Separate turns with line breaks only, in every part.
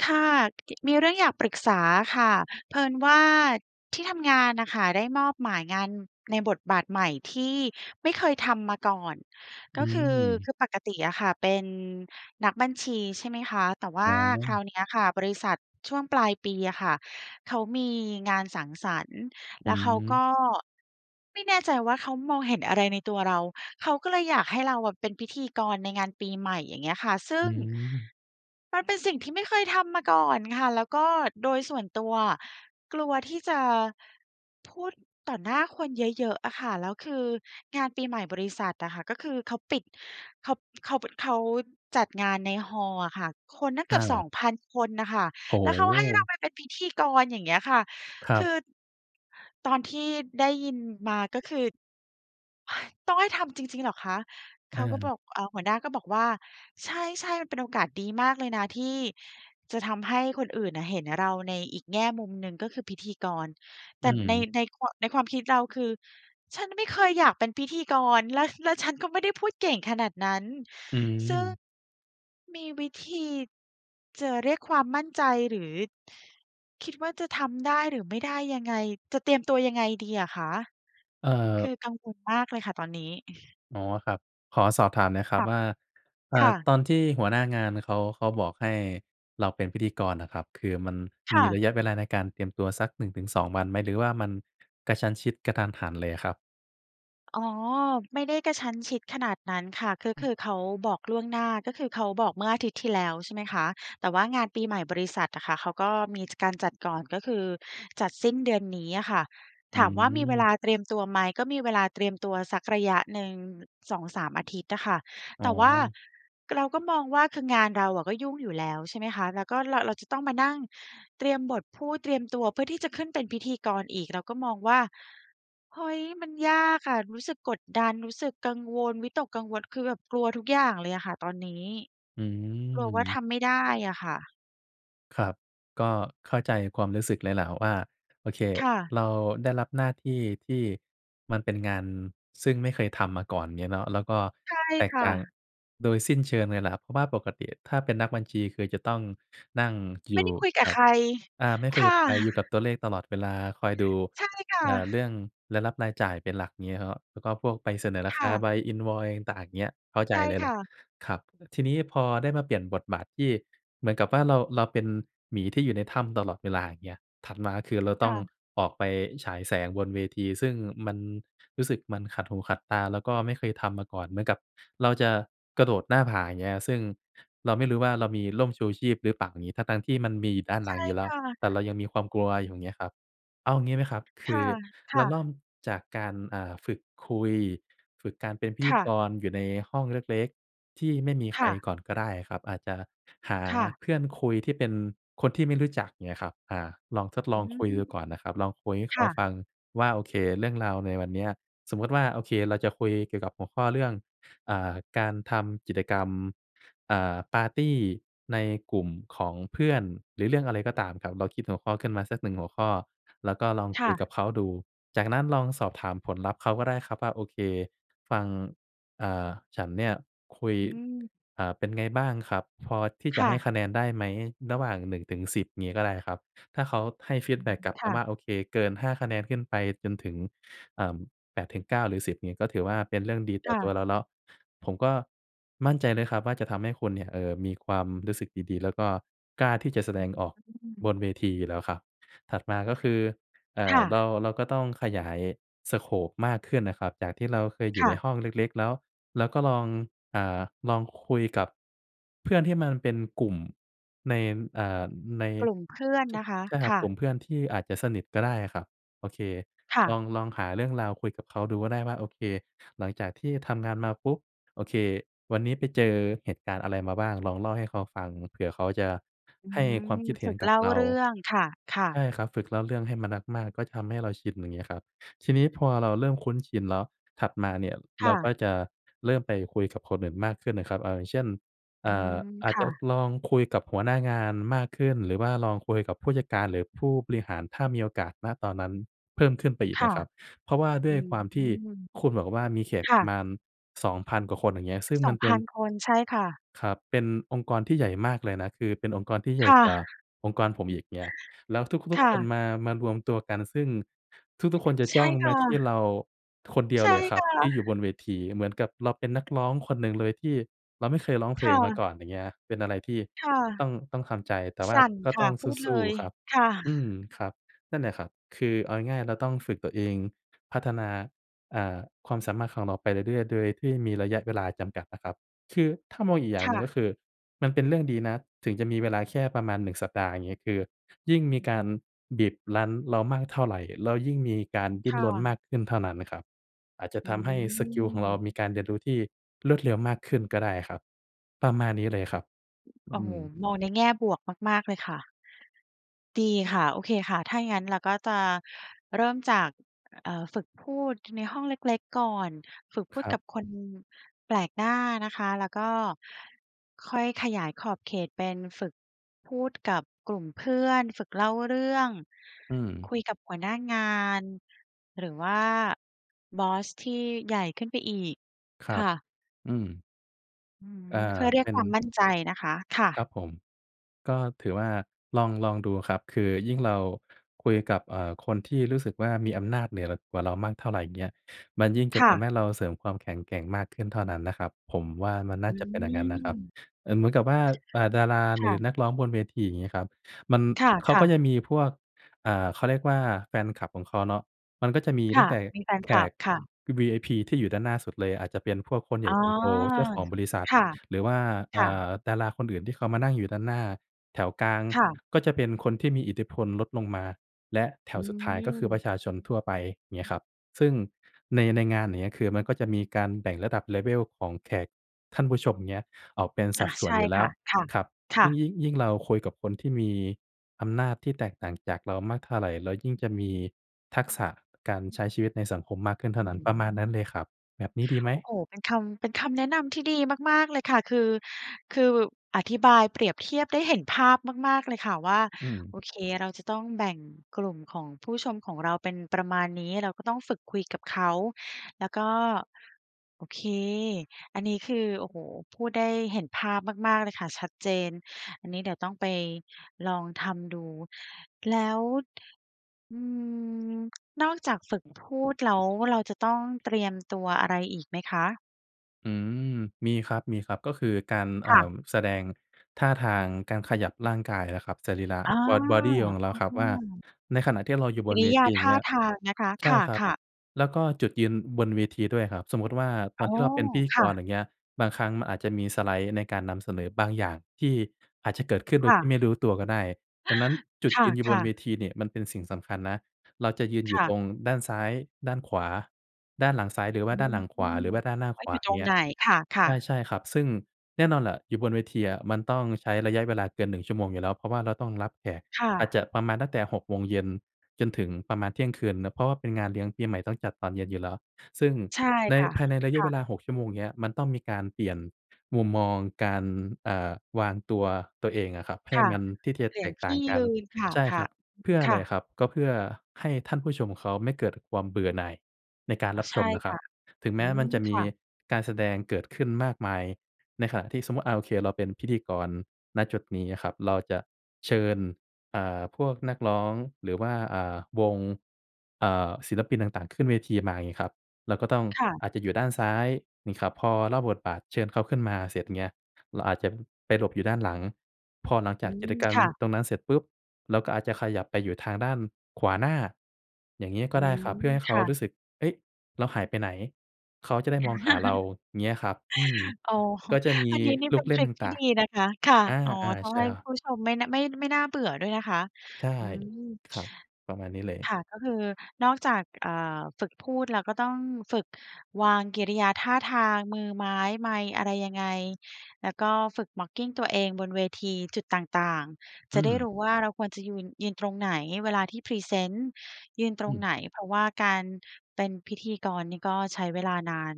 ค่ะ เอะ มีเรื่องอยากปรึกษาค่ะ เผอิญว่า ที่ทำงานน่ะค่ะได้มอบหมายงานในบทบาทใหม่ที่ไม่เคยทำมาก่อน ก
อ
็
ื
คือ
ม
คือปกติอะค่ะเป็นนักบัญชีใช่ไหมคะ แต่ว่
อ
า
๋
คราว
อ
เนี้ยค่ะบริษัทช่วงปลายปีอะค่ะ เขามีงานสังสรรค์
อ
แล
ื
้วเขา
ม
ก็ ไม่แน่ใจว่า เขามองเห็นอะไรในตัวเรา เขาก็เลยอยากให้เราอะเป็นพิธีกรในงานปีใหม่ อย่างเงี้ยค่ะ ซึ่
อื
ง
ม
มันเป็นสิ่งที่ไม่เคยทำมาก่อนค่ะ แล้วก็โดยส่วนตัวอะกลัวที่จะ พูดต่อหน้าคนเยอะ ๆ อะค่ะ แล้วคืองานปีใหม่บริษัทอะค่ะ ก็คือเขาปิด ข็อบ เขาบึ เขาจัดงานใน hall อะค่ะ คนนะเก
อ
ือบ สอ
า
งพัน คนน่ะค่ะ
โอ้โ
แล้วเขาให้เร
ฮ!
าไปเป็นพิธีกร อย่างเงี้ยค่ะ
คร
ค
ับ
ือ ตอนที่ได้ยินมาก็คือ "ต้องให้ทำจริง ๆ เหรอคะ?" เข
อ
าก็บ
า
อก เอ่อ หัวหน้าก็บอกว่า "ใช่ ๆ มันเป็นโอกาสดีมากเลยนะที่ จะทำให้คนอื่นน่ะเห็นน่ะเราในอีกแง่มุมหนึ่ง ก็คือพิธีกร" แต
อื
่ใน
ม
ในควัะ ในความคิดเราคือ "ฉันไม่เคยอยากเป็นพิธีกร แล้ว แล้วฉันก็ไม่ได้พูดเก่งขนาดนั้น"
อื
ซึ่ง
ม
มีวิธี จะเรียกความมั่นใจ หรือ คิดว่า จะทำได้หรือไม่ได้ยังไง จะเตรียมตัวยังไงดีอะคะ?
เอิ่
คือ
บ
กังวลมากเลยค่ะตอนนี้
อ๋อ ครับ ขอสอบถามหน่อยคร
ค
ั
่
บ
ะ
ว่า อ่า
ค่
ต
ะ
อนที่หัวหน้างานเขา เขาบอกให้เราเป็นพิธีกรน่ะครับ คือมัน
ค
ม
่
ี
ะ
ระยะเวลาในการเตรียมตัวสัก 1 -2 วันไหม? หรือว่ามันกระชั้นชิด กะทันหันเลยอะครับ?
อ๋อ ไม่ได้กระชั้นชิดขนาดนั้นค่ะ ก็คือเขาบอกล่วงหน้า ก็คือเขาบอกเมื่ออาทิตย์ที่แล้ว ใช่ไหมคะ แต่ว่างานปีใหม่บริษัทอะค่ะ เขาก็มี จ การจัดก่อน ก็คือจัดสิ้นเดือนนี้อะค่ะ
อื
ถามว่ามีเวล
ม
าเตรียมตัวไหม? ก็มีเวลาเตรียมตัวสักระยะหนึ่ง 2-3 อาทิตย์อะค่ะ
อ๋
แต่ว่า
อ
เราก็มองว่า คืองานเราอะก็ยุ่งอยู่แล้ว ใช่ไหมคะ แล้วก็เรา เราจะต้องมานั่งเตรียมบทพูด เตรียมตัวเพื่อที่จะขึ้นเป็นพิธีกรอีก เราก็มองว่า เฮ้ย มันยากอะ รู้สึกกดดัน รู้สึกกังวล วิตกกังวล คือแบบกลัวทุกอย่างเลยอะค่ะตอนนี้
อื
กลัวว่าท
ม
ำไม่ได้อะค่ะ
ครับ ก็เข้าใจความรู้สึกเลยแหละว่า โอเค
ค่ะ
เราได้รับหน้าที่ที่มันเป็นงาน ซึ่งไม่เคยทำมาก่อน เงี้ยเนาะ แล้วก็
ใช่
แต
ค
ก
่
ต่าง
ะ
โดยสิ้นเชิงเลยแหละครับ เพราะว่าปกติถ้าเป็นนักบัญชีคือจะต้องนั่งอย
ไม่
ู
ได
่
้คุยกั
ก
บ
ับ
ใคร
อา ไม่คุ
ค
ยก
่
ับ
ะ
ใคร อยู่กับตัวเลขตลอดเวลา คอยดู
ใช่ค่
เอ่อ เรื
ะ
่องรายรับรายจ่ายเป็นหลัก งี้เนาะ แล้วก็พวกใบเสนอร
ค
าค
่
า
ะ
ใบ Invoice ต่าง เงี้ย เข้าใ
ใ
จ
ช่
เลยแ
ค
หล
่
ะ
ะ
ครับ ทีนี้พอได้มาเปลี่ยนบทบาทที่เหมือนกับว่า เรา เราเป็นหมีที่อยู่ในถ้ำตลอดเวลา อย่างเงี้ย ถัดมาคือเรา
ค
ต้
่
อง
ะ
ออกไปฉายแสงบนเวที ซึ่งมันรู้สึกมันขัดหูขัดตา แล้วก็ไม่เคยทำมาก่อน เหมือนกับเราจะกระโดดหน้าผา อย่างเงี้ย ซึ่งเราไม่รู้ว่าเรามีร่มชูชีพหรือเปล่า อย่างงี้ ทั้ง ๆ ที่มันมีอยู่ด้าน
ใ
ห
ช
ลั
่
งอยู่แล
ค
้ว
่ะ
แต่เรายังมีความกลัว อย่างเงี้ยครับ เอาอย่างงี้ไหมครับ? ค
ค
ื
่ะ
อ
ค
เรา
่
เริ
ะ
่มจากการ อ่า ฝึกคุย ฝึกการเป็นพิ
ค
ธี
่ะ
กรอยู่ในห้องเล็ก ๆ ที่ไม่มีใค
ค
ร
่ะ
ก่อนก็ได้อะครับ อาจจะหา
ค่ะ
เพื่อนคุยที่เป็นคนที่ไม่รู้จัก อย่างเงี้ยครับ อ่า ลองทดล
อื
อง
ม
คุยดูก่อนนะครับ ลองคุยให้
ค
เขา
่ะ
ฟังว่า โอเค เรื่องราวในวันเนี้ย สมมุติว่า โอเค เราจะคุยเกี่ยวกับหัวข้อเรื่อง อ่า การทำกิจกรรม อ่า ปาร์ตี้ในกลุ่มของเพื่อน หรือเรื่องอะไรก็ตามครับ เราคิดหัวข้อขึ้นมาสัก 1 หัวข้อ แล้วก็ลอง
ค
ค
่
ุยก
ะ
ับเขาดู จากนั้นลองสอบถามผลลัพธ์เขาก็ได้ครับว่า โอเค ฟัง เอ่อ ฉันเนี่ยคุย
อืม
อ่า เป็นไงบ้างครับ? พอที่
ค
จะใ
่
ห้
ะ
คะแนนได้ไหมระหว่าง 1-10 งี้ก็ได้ครับ ถ้าเขาให้ฟี
อ
ด
ื
แบ็
ม
กกลับ
ค
อ
่
าม่
ะ
า โอเค เกิน 5 คะแนนขึ้นไปจนถึง เอ่อ 8-9 หรือ 10 งี้ก็ถือว่าเป็นเรื่องดีต
ค
่อ
่
ตัว
ะ
เราเนาะ ผมก็มั่นใจเลยครับว่า จะทำให้คุณเนี่ย เอ่อ มีความรู้สึกดี ๆ แล้วก็กล้าที่จะแส
อ
ด
ื
งออก
ม
บนเวทีอยู่แล้วค่ะ ถัดมาก็คือ เอ่
ค
อ
่
เรา
ะ
เราก็ต้องขยาย สโกป มากขึ้นน่ะครับ จากที่เราเคยอยู
ค
่
่
ใน
ะ
ห้องเล็ก ๆ แล้วเราก็ลอง อ่า ลองคุยกับเพื่อนที่มันเป็นกลุ่มใน เอ่อ ใน
กลุ่มเพื่อน
ช
นะคะ
ใช่ค
ค
รับ
่
ก
ะ
ลุ่มเพื่อนที่อาจจะสนิทก็ได้อะครับ โอเค
ค่
ล
ะ
อง ลองหาเรื่องราวคุยกับเขาดูก็ได้ว่า โอเค หลังจากที่ทำงานมาปุ๊บ โอเค วันนี้ไปเจอเหตุการณ์อะไรมาบ้าง ลองเล่าให้เขาฟังเผื่อเขาจะ
อื
ให้คว
ม
ามคิดเห
ฝ
็
ึ
น
ก
ก
เ
ั
ล
บ
่า
เรา
เรื่อง ค่ะ
ใช
ๆ
่ครับ ฝึกเล่าเรื่องให้มนัสมากก็ทำให้เราชิน อย่างเงี้ยครับ ทีนี้พอเราเริ่มคุ้นชินเนาะ ถัดมาเนี่ย
ค
เร
่
าก็
ะ
จะเริ่มไปคุยกับคนอื่นมากขึ้นนะครับ เออ อย่างเช่น เอ
อื
่อ
ม
อา
ค
จจ
่
ะ
ะ
ลองคุยกับหัวหน้างานมากขึ้น หรือว่าลองคุยกับผู้จัดการหรือผู้บริหาร ถ้ามีโอกาส ณ ตอนนั้นเพิ่มขึ้นไปอีก
ค
น
่ะ
ะครับ เพราะว่าด
อ
้
ื
วยคว
ม
ามที่คุณบอกว่า มีเขต
ค่
ม
ะ
าน 2,000 กว่าคน อย่างเงี้ย ซึ่ง
ส
ม
อ
ัน
ง
เป
พ
็
ั
น
น คน ใช่ค่ะ
ครับ เป็นองค์กรที่ใหญ่มากเลยนะ คือเป็นองค์กรที่ให
ค
ญ่
่
กว่า
ะ
องค์กรผมอีก เงี้ย แล้วทุ
ค
ก ๆ
่
คน
ะ
มา มารวมตัวกัน ซึ่งทุก ๆ คนจะ
ใช
จ้อ
่
ง
ค
ม
่
าที่
ะ
เราคนเดีย
ใ
ว
ช่
เลยครั
ค
บ
่
ที่อยู่บ
ะ
นเวที เหมือนกับเราเป็นนักร้องคนหนึ่งเลยที่เราไม่เคยร้องเพ
ค
ล
่
งมาก
ะ
่อน อย่างเงี้ยครับ เป็นอะไรที่
ค่ะ
ต้อง ต้องทำใจ แต่ว
ส
่า
ั่น
ก็
ค
ต
่ะ
้อง
พูด
ส
เล
ู้
ย
ๆ ครับ
ค่ะ
อืม ครับ นั่นแหละครับ คือเอาง่าย ๆ เราต้องฝึกตัวเอง พัฒนา อ่า ความสามารถของเราไปเรื่อย ๆ โดยที่มีระยะเวลาจำกัดอะครับ คือถ้ามองอีกอย่
ค
างห
่
นึ่ง
ะ
ก็คือมันเป็นเรื่องดีนะ ถึงจะมีเวลาแค่ประมาณ 1 สัปดาห์ อย่างงี้ คือยิ่งมีการบีบรั้นเรามากเท่าไร แล้วยิ่งมีการดิ
ค
้น
่
รนม
ะ
ากขึ้นเท่านั้นนะครับ อาจจะ
อื
ทำให้สกิลของเรา
ม
มีการเรียนรู้ที่รวดเร็วมากขึ้นก็ได้ครับ ประมาณนี้เลยครับ อ
โอ้
ื
โฮ
ม
มองในแง่บวกมาก ๆ เลยค่ะ ดีค่ะ โอเคค่ะ ถ้าอย่างงั้นเราก็จะเริ่มจาก เอ่อ ฝึกพูด ในห้องเล็ก ๆ ก่อนฝึกพู
ค
ด
รั
ก
บ
ับคน แปลกหน้านะคะ แล้วก็ค่อยขยายขอบเขตเป็นฝึกพูด กับกลุ่มเพื่อน ฝึกเล่าเรื่อง
อื
ค
ม
ุยกับหัวหน้างาน หรือว่าบอสที่ ใหญ่ขึ้นไปอีก
คร
ค
ับ
่ะ
อืม
อื้อฮ
เอ่อ
ือ เพื่อเรี
เ
ย
ป
ก
็น
ความ มั่นใจนะคะ ค่
คร
ะ
ับผม ก็ถือว่าลอง ลองดูครับ คือยิ่งเราคุยกับ เอ่อ คนที่รู้สึกว่ามีอำนาจเหนือ ล กว่าเรามากเท่าไหร่ เงี้ย มันยิ่งเจ็
ค
บ
่
ทำใ
ะ
ห้เราเสริมความแข็งแกร่งมากขึ้นเท่านั้นนะครับ ผมว่ามันน่
อ
า
ื
จะเป็นอย่างงั้น
ม
นะครั
ค
บ
่ะ
เอ่อ เหมือนกับว่า เอ่อ ดารา
ค
หรื
่
อ
ะ
นักร้องบนเวที อย่างงี้ครับ มัน
ค
เขา
่
ก็
ะ ๆ
จะมีพวก อ่า เขาเรียกว่าแฟนคลับของเขาเนาะ มันก็จะมี
ค
ตั
่
้
ะ
งแต่
มีแฟน
แข
คลับ
ก
ค่ะ
วี วีไอพีที่อยู่ด้านหน้าสุดเลย อาจจะเป็นพวกคนใหญ
อ๋
่
อ
คนโต เจ้าของบริษัท
ค่ะ
หรือว่า เ
ค
อ
่
่
ะ
อ ดาราคนอื่นที่เขามานั่งอยู่ด้านหน้า แถวกลาง
ค่ะ
ก็จะเป็นคนที่มีอิทธิพลลดลงมา และแถ
อื
วสุดท้าย ก็คือประ
ม
ชาชนทั่วไป เงี้ยครับ ซึ่งใน ในงาน อย่างเงี้ย คือมันก็จะมีการแบ่งระดับ level ของแขก ท่านผู้ชม เงี้ย ออกเป็นส
อ
ั
ะ
ดส่
ใช
วน
่
อยู่แล
ค
้
่
ว
ะ ค่ะ
ครับ
ค
ย
่
ิ่
ะ
ง ยิ่ง ยิ่งเราคุยกับคนที่มีอำนาจที่แตกต่างจากเรามากเท่าไร เรายิ่งจะมีทักษะการใช้ชีวิตในสังคมมากขึ้นเท่
อ
า
ื้
นั้
อ
น ปร
ฮ
ะ
ื
มาณนั้นเล
อ
ยครับ แบบนี้ดีไหม?
โอ้โฮ เป็นคำ เป็นคำแนะนำที่ดีมาก ๆ เลยค่ะ คือ คือบึบ อธิบายเปรียบเทียบได้เห็นภาพมาก ๆ เลยค่ะว่า
อื
โ
ม
อเค เราจะต้องแบ่งกลุ่มของผู้ชมของเราเป็นประมาณนี้ เราก็ต้องฝึกคุยกับเขา แล้วก็ โอเค อันนี้คือ โอ้โฮ พูดได้เห็นภาพมาก ๆ เลยค่ะ ชัดเจน อันนี้เดี๋ยวต้องไปลองทำดู แล้ว อืม นอกจากฝึกพูดแล้ว เราจะต้องเตรียมตัวอะไรอีกไหมคะ?
อืม มีครับ ๆ ก็คือการ เอ
ค
่
่ะ
อ แสดงท่าทาง การขยับร่างกายอะครับ สรีระ
อา
บ้อด บอดี ข
อ
อ
ะ
งเราครับ
ฮ
ว่า
ะ
ในขณะที่เราอยู่
ก
บ
ิ
น
ร
เ
ิ
ว
ย
ท
า
ี อย่
ท
าง
่
เง
า
ี้ย
ทางนะคะ
ใช
ค
่ครับ
่ะ ๆ
แล้วก็จุดยืนบนเวทีด้วยครับ สมมุติว่า ต
อ๋
อน
อ
ที่เราเป็นพิธี
ค
ก
่
ร
ะ
อย่างเงี้ย บางครั้งมันอาจจะมีสไลด์ในการนำเสนอบางอย่างที่อาจจะเกิดขึ้นโด
ค
ย
่
ท
ะ
ี่ไม่รู้ตัวก็ได้ ดังนั้นจุดยืนอยู
ค
่บ
่
น
ะ
เว
ๆ
ทีเนี่ย มันเป็นสิ่งสำคัญนะ เราจะยืนอ
ค
ยู่
่
ต
ะ
รงด้านซ้าย ด้านขวา ด้านหลังซ้าย หรือว่
อื
าด้านห
อ
ลังข
ฮ
ว
ึ
า หรือว่าด้านหน้า
ว่
ข
า
ว
อย
า
ู่ตรง
เงี้
ไ
ย
หน ค
ใ
่
ช
ะ
่
ๆ
ใช่ครับ ซึ่งแน่นอนแหละอยู่บนเวทีอะ มันต้องใช้ระยะเวลาเกิน 1 ชั่วโมงอยู่แล้ว เพราะว่าเราต้องรับแขก
ค่
อาจ
ะ
จะประมาณตั้งแต่ 6 โมงเย็น จนถึงประมาณเที่ยงคืนนะ เพราะว่าเป็นงานเลี้ยงปีใหม่ต้องจัดตอนเย็นอยู่แล้ว ซึ่ง
ใช่
ใน
ค่ะ
ภายในระย
ค
ะ
่
เว
ะ
ลา 6 ชั่วโมงเนี้ย มันต้องมีการเปลี่ยนมุมมองการ อ่า วางตัว ตัวเองอะครับ ให้
ค่ะ
มัน ที่จะ
เปลี่
แต
ยน
ก
ท
ต่า
ี่
งก
ย
ัน
ืน ค่ะ
ใช่ครับ เพื่อ
ๆ
อ
ค
ะไร
่ะ
ครับ? ก็เพื่อให้ท่านผู้ชมเขาไม่เกิดความเบื่อหน่ายในการ
อ
ร
ะ
ับ
ใช
ช
่
มนะค
ค
รั
่
บ
ะ
ถึงแ
อ
ม
ื
้
ม
มันจะม
ค
ี
่ะ
การแสดงเกิดขึ้นมากมาย ในขณะที่ สมมุติ อ่า โอเค เราเป็นพิธีกร ณ จุดนี้อะครับ เราจะ เชิญ อ่า พวกนักร้อง หรือว่า อ่า วง อ่า ศิลปินต่าง ๆ ขึ้นเวทีมา งี้ครับ เราก็ต้อง
ค่ะ
อาจจะอยู่ด้านซ้าย งี้ครับ พอเล่าบทบาท เชิญเขาขึ้นมาเสร็จ เงี้ย เราอาจจะไปหลบอยู่ด้านหลัง พอหลัง
อ
จ
ื
ากกิ
ม
จกรรม
ค่ะ
ตรงนั้นเสร็จปุ๊บ เราก็อาจจะขยับไปอยู่ทางด้านขวาหน้า อย่างงี้ก
อ
็
ื
ได้ค
ม
รับ เพื่อให้เ
ค
ขา
่
ร
ะ
ู้สึก เฮ้ย เราหายไปไหน เขาจะได
ค่ะ
้มองหาเรา เงี้ยครับ อืม
โอ้โฮ
ก็จะมี
อันนี้นี่
ลู
เป็
ก
น
เล
ท
่
ร
น
ิ
ต
กที่
่า
ด
ง
ีนะคะ ค่ะ
ๆ อ
อ๋อ
า
ต้อ
ๆ ใ
ง
ช่
ให้
แล้ว
ผู้ชมไม่นะ ไม่ น ไม่น่าเบื่อด้วยนะคะ
ใช่
อืม
ครับ ประมาณนี้เลย
ค่ะ ก็คือนอกจาก ก อ่า ฝึกพูด แล้วก็ต้องฝึกวางกิริยาท่าทาง มือไม้ ไมค์ อะไรยังไง แล้วก็ฝึก mocking ตัวเองบนเวทีจุดต่าง ๆ จ
อื
ะได้
ม
รู้ว่าเราควรจะยูน ยืนตรงไหน เวลาที่พรีเซนต์ยืนตร
อ
ง
ืม
ไหน เพราะว่าการเป็นพิธีกรนี่ก็ใช้เวลานาน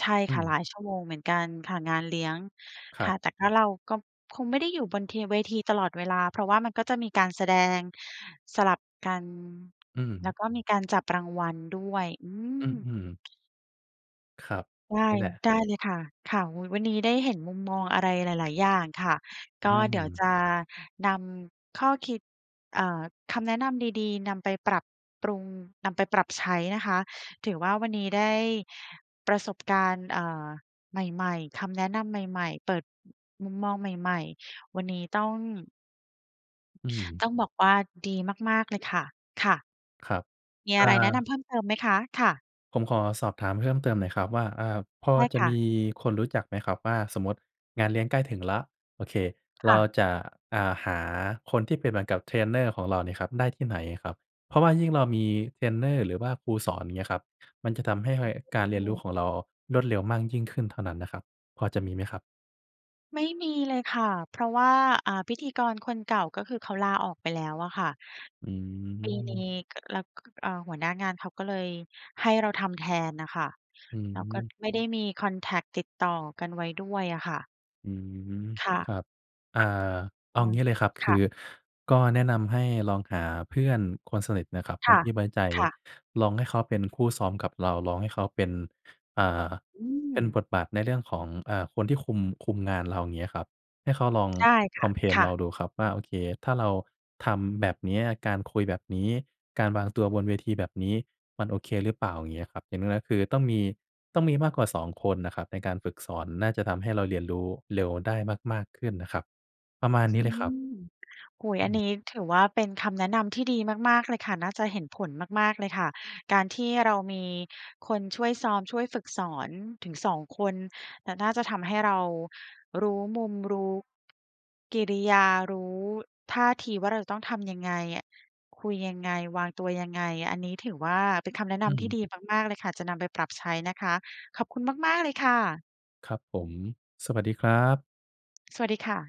ใช่
อ
ค่
ื
ะ หล
ม
ายชั่วโมงเหมือนกันค่ะ งานเลี้ยง
ค
ค
รั
่ะ
บ
แต่ก็ เราก็คงไม่ได้อยู่บนเทีย เวทีตลอดเวลา เพราะว่ามันก็จะมีการแสดง สลับกัน
อื
แล้ว
ม
ก็มีการจับรางวัลด้วย อื
อื
ม
อ อืม ครับ
ได้
นี่แหละ
ได้เลยค่ะ ค่ะ อุ๊ย วันนี้ได้เห็นมุมมองอะไรหลาย ๆ อย่างค่ะ
อ
ก
ื
็เดี๋ยว
ม
จะนำข้อคิด เอ่อ คำแนะนำดี ๆ นำไปปรับปรุง นำไปปรับใช้นะคะ ถือว่าวันนี้ได้ประสบการณ์ เอ่อ ใหม่ ๆ คำแนะนำใหม่ ๆ เปิด ม มุมมองใหม่ ๆ วันนี้ต้อง
อืม
ต้องบอกว่าดีมาก ๆ เลยค่ะ ค่ะ
ครับ
มี
อ่
อะไรแนะน
า
ำเพิ่มเติมไหมคะ? ค่ะ
ผมขอสอบถามเพิ่มเติมหน่อยครับว่า อา พอ
ได้
จะ
ค่
ม
ะ
ีคนรู้จักไหมครับว่า สมมุติงานเลี้ยงใกล้ถึงแล้ว โอเค
ค
เร
่
า
ะ
จะ อ่า หาคนที่เป็นเหมือนกับเทรนเนอร์ของเรานี่ครับได้ที่ไหนครับ? เพราะว่ายิ่งเรามีเทรนเนอร์ หรือว่าครูสอน อย่างเงี้ยครับ มันจะทำให้ห
อ
้
ื
อย
ม
กา
อ
ร
ื
เ
อ
รีย
ฮ
น
ึ
รู้ของเรารวดเร็วมากยิ่งขึ้นเท่านั้นนะครับ พอจะมีไหมครับ?
ไม่มีเลยค่ะ เพราะว่า อ่า พิธีกรคนเก่าก็คือเขาลาออกไปแล้วอะค่ะ
อ
ปีนี
ืม
้ กะ แล้ว ก เอ่อ หัวหน้างานเขาก็เลยให้เราทำแทนน่ะค่ะ
อื
เราก็
ม
ไม่ได้มีคอนแท็กต์ติดต่อกันไว้ด้วยอะค่ะ
อือฮึ
ค่ะ
ครับ อ่า เอางี้เลยครับ ค
ค
ื
่ะ
อก็แนะนำให้ลองหาเพื่อนคนสนิทนะครับ ค
ค
น
่ะ
ที่ไว้ใจ
ค่ะ
ลองให้เขาเป็นคู่ซ้อมกับเรา ลองให้เขาเป็น อ่า
อื
เป็นบ
ม
ทบาทในเรื่องของ อ่า คนที่คุม คุมงานเรา อย่างเงี้ยครับ ให้เขาลอง
ได้ค
ค
่
อ
ะ
มเพล
ค
น
่
เรา
ะ
ดูครับว่า โอเค ถ้าเรา ทำแบบเนี้ย การคุยแบบนี้ การวางตัวบนเวทีแบบนี้ มันโอเคหรือเปล่า อย่างเงี้ยครับ อย่างน้อย ๆ คือต้องมี ต้องมีมากกว่า 2 คนนะครับในการฝึกสอน น่าจะทำให้เราเรียนรู้เร็วได้มาก ๆ ขึ้นนะครับ ประมาณนี้
อั
เ
น
ลย
น
ค
ี
รั
้
บ
โอ้โฮ!
อ
อัน
ือ
นี้ถือว่าเป็นคำแนะนำที่ดีมาก ๆ เลยค่ะ น่าจะเห็นผลมาก ๆ เลยค่ะ การที่เรามีคนช่วยซ้อม ช่วยฝึกสอนถึง 2 คน และน่าจะทำให้เรา รู้มุม รู้ กิริยา รู้ ท่าทีว่าเราจะต้องทำยังไงอะ คุยยังไง วางตัวยังไง อันนี้ถือว่า เป็นคำแนะน
อือ
ำ
ฮ
ที่
ึ
ดีมาก ๆ เลยค่ะ จะนำไปปรับใช้นะคะ ขอบคุณมาก ๆ เลยค่ะ
ครับผม สวัสดีครับ
สวัสดีค่ะ